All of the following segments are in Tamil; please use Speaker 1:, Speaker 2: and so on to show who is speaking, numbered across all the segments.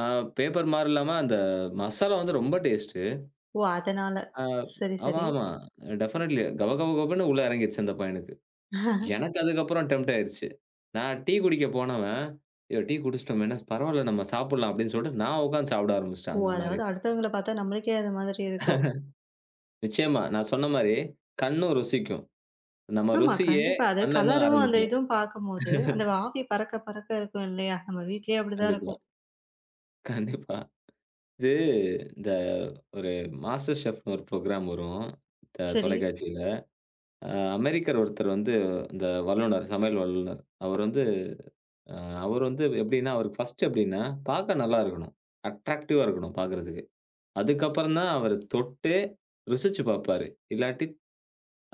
Speaker 1: ஆ, பேப்பர் மாரி இல்லாம, அந்த மசாலா வந்து ரொம்ப டேஸ்டு.
Speaker 2: ஓ! அதனால,
Speaker 1: ஆ
Speaker 2: சரி
Speaker 1: ஆமா
Speaker 2: சரி.
Speaker 1: ஆமா. டெஃபனட்லி. கப கப கபன்னு உள்ள எறங்கிருச்சு, அந்த பையனுக்கு. எனக்கு அதுக்கப்பறம் டெம்ப்ட் ஆயிருச்சு. நான் டீ குடிக்க போனவேன், யோ, டீ குடிச்சிட்டோமேன்னா! பரவால்ல நம்ம சாப்பட்லாம் அப்டின்னு சொல்லிட்டு நான் உக்காந்து சாப்பிட
Speaker 2: ஓ!
Speaker 1: ஆரம்பிச்சுட்டேன். அந்த மாரி.
Speaker 2: அதாவது அடுத்தவங்கள பாத்தா, நம்மளுக்கே அது மாதிரி இருக்கும்.
Speaker 1: நிச்சயமா, நான் சொன்ன மாரி கண்ணும் ருசிக்கும். நம்ம
Speaker 2: ஆமா,
Speaker 1: ருசியே
Speaker 2: கண்டிப்பா. அதாவது
Speaker 1: கண்ல இருந்து தான்
Speaker 2: கலரும், அந்த
Speaker 1: ஆரம்பிக்கும்.
Speaker 2: இதும், பாக்கும்போது, அந்த ஆவி பறக்க பறக்க இருக்கும் இல்லையா? நம்ம வீட்லயே அப்டிதான்
Speaker 1: கண்டிப்பா.
Speaker 2: இருக்கும்.
Speaker 1: கண்டிப்பா. இது இந்த ஒரு மாஸ்டர் செஃப்ன்னு ஒரு ப்ரோக்ராம் வரும், த
Speaker 2: சரி.
Speaker 1: தொலைக்காட்சியில. அ அமெரிக்கர் ஒருத்தர் வந்து இந்த வல்லுநர் சமையல் வல்லுநர், அவரு வந்து அவரு வந்து எப்டின்னா, அவருக்கு ஃபர்ஸ்ட்டு எப்டின்னா பாக்க நல்லா இருக்கணும். அட்ராக்டிவா இருக்கணும் பாக்குறதுக்கு. அதுக்கப்புறம்தான் அவரு தொட்டே, ருசிச்சு பாப்பாரு. இல்லாட்டி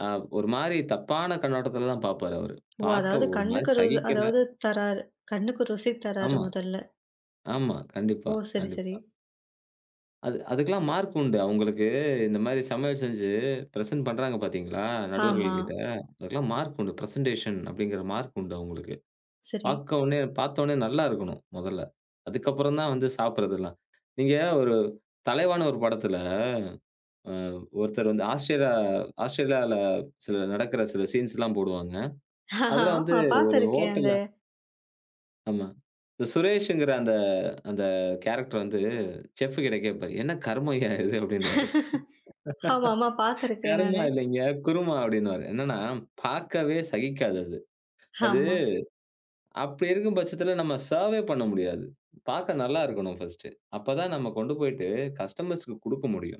Speaker 1: அ, ஒரு மாரி தப்பான கண்ணோட்டத்துலதான் பாப்பாரு அவரு.
Speaker 2: ஓ!
Speaker 1: "பாக்க
Speaker 2: அதாவது
Speaker 1: ஒரு மாரி
Speaker 2: கண்ணுக்கு ரு இது
Speaker 1: சகிக்கல."
Speaker 2: அதாவது தராரு. கண்ணுக்கு ருசி தராரு
Speaker 1: ஆமா,
Speaker 2: முதல்ல.
Speaker 1: ஆமா, கண்டிப்பா
Speaker 2: ஓ! சரி சரி.
Speaker 1: கண்டிப்பா. அது அதுக்கெல்லாம் மார்க் உண்டு. அவுங்களுக்கு இந்த மாரி சமையல் செஞ்சு பிரசென்ட் பண்றாங்க பாத்தீங்களா,
Speaker 2: ஆமா.
Speaker 1: நடுவர்கள் கிட்ட? அதுக்கெல்லாம் மார்க் உண்டு. பிரசென்டேஷன் அப்டிங்கிற மார்க் உண்டு அவுங்களுக்கு.
Speaker 2: சரி.
Speaker 1: பாக்க ஒன்னே பாத்தவுன்னே நல்லா இருக்கணும், மொதல்ல. அதுக்கப்பறம்தான் வந்து சாப்பிறதெல்லாம். நீங்க ஒரு தலைவான்னு ஒரு படத்துல, ம், ஒருத்தர் வந்து ஆஸ்திரா ஆஸ்ட்ரேலியால, சில நடக்குற, சில சீன்ஸ் எல்லாம் போடுவாங்க. அது வந்து
Speaker 2: ஆமா.
Speaker 1: ஒரு
Speaker 2: பாத்திருக்கேன். அந்த
Speaker 1: ஹோட்டல்ல ஆமா. இந்த சுரேஷ்ங்கிற அந்த அந்த கேரக்டர் வந்து, செஃப் கிட்ட கேப்பாரு, "என்ன கருமய்யா இது?" அப்டின்னுவாரு.
Speaker 2: ஆமாமா. பாத்திருக்கேன்
Speaker 1: "கருமா
Speaker 2: நானு.
Speaker 1: இல்லைங்க குருமா" அப்டின்னுவாரு. என்னான்னா பாக்கவே சகிக்காது அது. அது
Speaker 2: ஆமா.
Speaker 1: அப்டி இருக்கும் பச்சத்துல நம்ம சர்வே பண்ண முடியாது. பாக்க நல்லா இருக்கணும் ஃபர்ஸ்ட்டு அப்பதான் நம்ம கொண்டு போயிட்டு கஸ்டமர்ஸ்க்கு குடுக்கமுடியும்.